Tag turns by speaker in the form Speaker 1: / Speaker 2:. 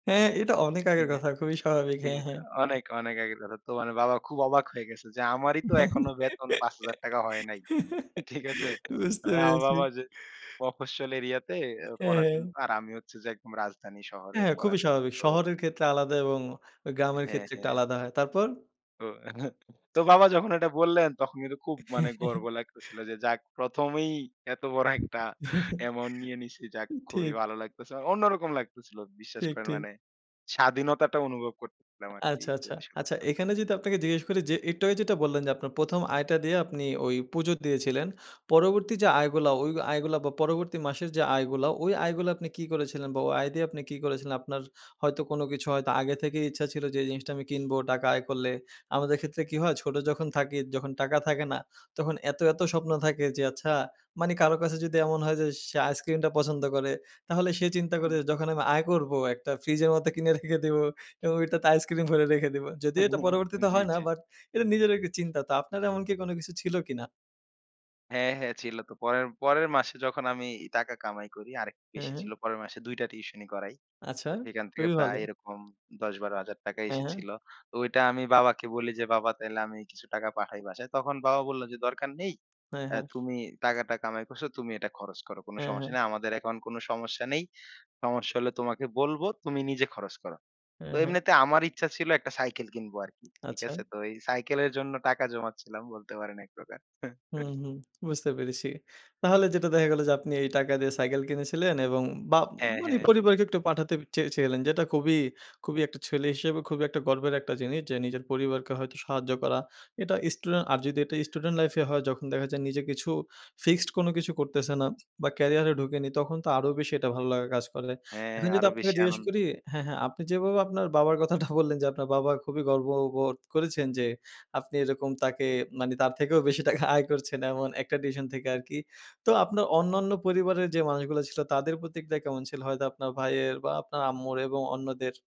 Speaker 1: হ্যাঁ, এটা অনেক আগের
Speaker 2: ঠিক অ্যা
Speaker 1: কথা, খুবই স্বাভাবিক।
Speaker 2: ঠিক
Speaker 1: হ্যাঁ,
Speaker 2: আছে।
Speaker 1: হ্যাঁ।
Speaker 2: অনেক, অনেক আগে কথা। তো মানে বাবা খুব অবাক হয়ে গেছে যে, আমারই তো এখনো বেতন ৳৫০০০ হয় নাই। ঠিক আছে?
Speaker 1: বুঝতে
Speaker 2: মানে আমার
Speaker 1: পেরেছি।
Speaker 2: বাবা যে, মফস্বল এরিয়াতে অ্যা পড়াতেন
Speaker 1: অ্যা
Speaker 2: তো, আর আমি হচ্ছে যে, একদম রাজধানী শহরে
Speaker 1: হ্যাঁ, খুবই
Speaker 2: পড়াতাম।
Speaker 1: স্বাভাবিক।
Speaker 2: তো
Speaker 1: শহরের ক্ষেত্রে আলাদা এবং আ গ্রামের
Speaker 2: হ্যাঁ,
Speaker 1: ক্ষেত্রে একটু
Speaker 2: হ্যাঁ।
Speaker 1: আলাদা হয়। তারপর?
Speaker 2: তো তো বাবা যখন এটা বললেন, তখন কিন্তু খুব মানে গর্ব লাগতেছিল যে, যাক প্রথমেই এত বড় একটা অ্যামাউন্ট নিয়ে নিছি। যাক
Speaker 1: উ
Speaker 2: খুবই
Speaker 1: ঠিক।
Speaker 2: ভালো লাগতেছে মানে অন্যরকম লাগতেছিল। বিশ্বাস
Speaker 1: ঠিক,
Speaker 2: করেন
Speaker 1: ঠিক।
Speaker 2: মানে স্বাধীনতাটা অনুভব করতেছিলাম আরকি
Speaker 1: আচ্ছা, আচ্ছা,
Speaker 2: যেটা সত্যি
Speaker 1: আচ্ছা।
Speaker 2: কথা।
Speaker 1: এখানে যদি আপনাকে জিজ্ঞেস করি যে, একটু আগে যেটা বললেন যে, আপনার ১ম আয়টা দিয়ে আপনি ওই পুজো দিয়েছিলেন। পরবর্তী যে, আয়গুলা, ওই আয়গুলা বা পরবর্তী মাসের যে, আয়গুলা, ওই আয়গুলা আপনি কি করেছিলেন? বা ওই আয় দিয়ে আপনি কি করেছিলেন? আপনার হয়তো কোন কিছু হয়তো আগে থেকেই ইচ্ছা ছিল যে, এই জিনিসটা আমি কিনবো টাকা আয় করলে। আমাদের ক্ষেত্রে কি হয়? ছোট যখন থাকি যখন টাকা থাকে না তখন এত, এত স্বপ্ন থাকে যে, আচ্ছা মানে কারো কাছে যদি এমন হয় যে, সে আইসক্রিমটা পছন্দ করে, তাহলে সে চিন্তা
Speaker 2: হুম।
Speaker 1: করে যখন আমি আয় করবো একটা ফ্রিজের মধ্যে কিনে রেখে দিবো। এবং ওইটাতে আইসক্রিম ভরে রেখে দিবো। যদিও এটা পরবর্তীতে
Speaker 2: জ্বী,
Speaker 1: হয় না,
Speaker 2: জ্বী।
Speaker 1: বাট এটা নিজের একটা চিন্তা। তো আপনার এমন কি কোন কিছু ছিল কিনা?
Speaker 2: হ্যাঁ, হ্যাঁ, ছিল তো। পরের পরের মাসে যখন আমি টাকা কামাই করি, আরেকটু
Speaker 1: হ্যাঁ,
Speaker 2: বেশি ছিল।
Speaker 1: হ্যাঁ।
Speaker 2: পরের মাসে ২ টা টিউশনি করাই।
Speaker 1: আচ্ছা।
Speaker 2: তো সেইখান থেকে
Speaker 1: খুবই
Speaker 2: প্রায়
Speaker 1: ভালো।
Speaker 2: এরকম ৳১০,০০০-৳১২,০০০
Speaker 1: হ্যাঁ, হ্যাঁ।
Speaker 2: এসেছিল। তো ওইটা আমি বাবাকে বলি যে, "বাবা তাইলে আমি কিছু টাকা পাঠাই বাসায়?" তখন বাবা বলল যে, "দরকার নেই,
Speaker 1: হ্যাঁ,
Speaker 2: অ্যা
Speaker 1: হ্যাঁ।
Speaker 2: তুমি টাকাটা কামাই করসো, তুমি এটা খরচ করো। কোন
Speaker 1: হ্যাঁ,
Speaker 2: সমস্যা
Speaker 1: হ্যাঁ।
Speaker 2: নাই। আমাদের এখন কোন সমস্যা নেই, সমস্যা হলে তোমাকে বলব। তুমি নিজে খরচ করো।" তো
Speaker 1: হ্যাঁ, হ্যাঁ।
Speaker 2: এমনিতে আমার ইচ্ছা ছিল একটা সাইকেল কিনবো আরকি, ঠিক
Speaker 1: আচ্ছা।
Speaker 2: আছে? তো এই সাইকেলের জন্য টাকা জমাচ্ছিলাম বলতে পারেন ১ প্রকার।
Speaker 1: হুম, হুম, বুঝতে পেরেছি। তাহলে যেটা দেখা গেল যে, আপনি এই টাকা দিয়ে সাইকেল কিনেছিলেন এবং বা
Speaker 2: হ্যাঁ,
Speaker 1: মানে
Speaker 2: হ্যাঁ।
Speaker 1: পরিবারকে একটু পাঠাতে চেয়েছিলেন। যেটা খুবই, খুবই একটা ছেলে হিসেবে খুবই গর্বের একটা জিনিস, যে, নিজের পরিবারকে হয়তো সাহায্য করা। এটা স্টুডেন্ট আর যদি এটা স্টুডেন্ট লাইফ এ হয়, যখন দেখা যায় নিজে কিছু ফিক্সড কোন কিছু করতেছেনা বা ক্যারিয়ারে ঢুকেনি, তখন তো আরো বেশি এটা ভালো লাগার কাজ করে।
Speaker 2: হ্যাঁ,
Speaker 1: এখন যদি
Speaker 2: আরো
Speaker 1: আপনাকে
Speaker 2: বেশি
Speaker 1: জিজ্ঞেস করি,
Speaker 2: আনন্দ।
Speaker 1: হ্যাঁ, হ্যাঁ, আপনি যেভাবে আপনার বাবার কথাটা বললেন যে, আপনার বাবা খুবই গর্ববোধ করেছেন যে, আপনি এরকম তাকে মানে তার থেকেও বেশি টাকা আয় করছেন এমন একটা ডিসশন থেকে আরকি। তো আপনার অন্যান্য পরিবারের যে, মানুষগুলা ছিল, তাদের প্রতিক্রিয়া কেমন ছিল? হয়তো আপনার ভাইয়ের বা আপনার আম্মুর এবং অন্যদের?